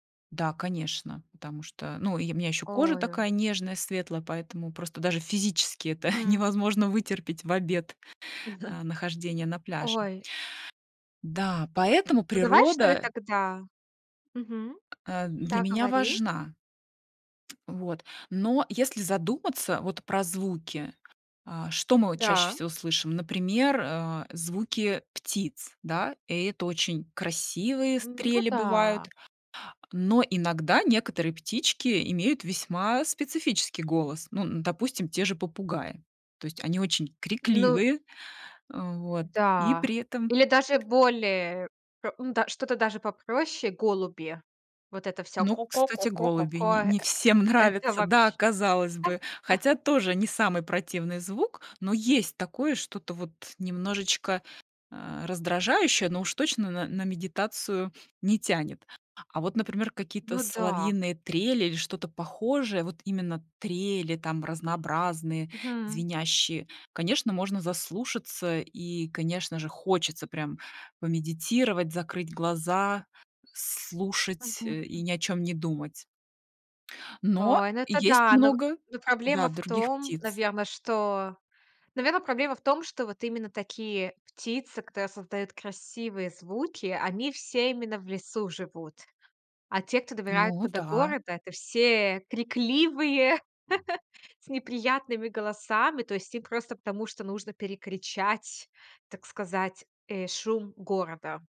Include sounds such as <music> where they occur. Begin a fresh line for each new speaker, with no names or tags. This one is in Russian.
Да, конечно, потому что, ну, и у меня ещё кожа
Ой-ой-ой.
такая нежная, светлая, поэтому просто даже физически это <chuckles>
Мгм.
невозможно вытерпеть в обед,
<chuckles>
э, нахождение на пляже.
Ой.
Да, поэтому
Ну, давай, что ли,
природа
тогда? Мгм.
э, для
Да,
меня
говори.
важна. Вот, но если задуматься вот про звуки, а, что мы вот чаще
Да.
всего слышим, например, э, звуки птиц, да, и это очень красивые
Ну
трели бывают.
да.
Но иногда некоторые птички имеют весьма специфический голос, ну, н допустим, те же попугаи, то есть они очень
Ну
крикливые, э, вот, и при
да.
этом
Или даже более п м, да, что-то даже попроще, голуби- вот это всё
Ну,
"ко ко ко
кстати,
ко ко
голуби н
ко".
не всем
Э это
нравятся. Да,
вообщ
казалось бы,
<chuckles>
хотя тоже не самый противный звук, но есть такое что-то вот немножечко, а, раздражающее, но уж точно н на медитацию не тянет. А вот, например, какие-то
Ну да.
соловьиные трели или что-то похожее, вот именно трели, там разнообразные,
Мгм.
звенящие, конечно, можно заслушаться и, конечно же, хочется прям помедитировать, закрыть глаза, слушать, э, и
Мгм.
ни о чем не думать. Но,
Ой, ну,
и
это
есть
да. Но
много,
но
да,
проблема в
других
том,
птиц.
наверно, что Наверно, проблема в том, что вот именно такие птицы, которые создают красивые звуки, они все именно в лесу живут. А те, кто
Ну
добирается до
да.
города- это все крикливые, <chuckles> с неприятными голосами. То есть им просто потому, что нужно перекричать, так сказать, э, шум города.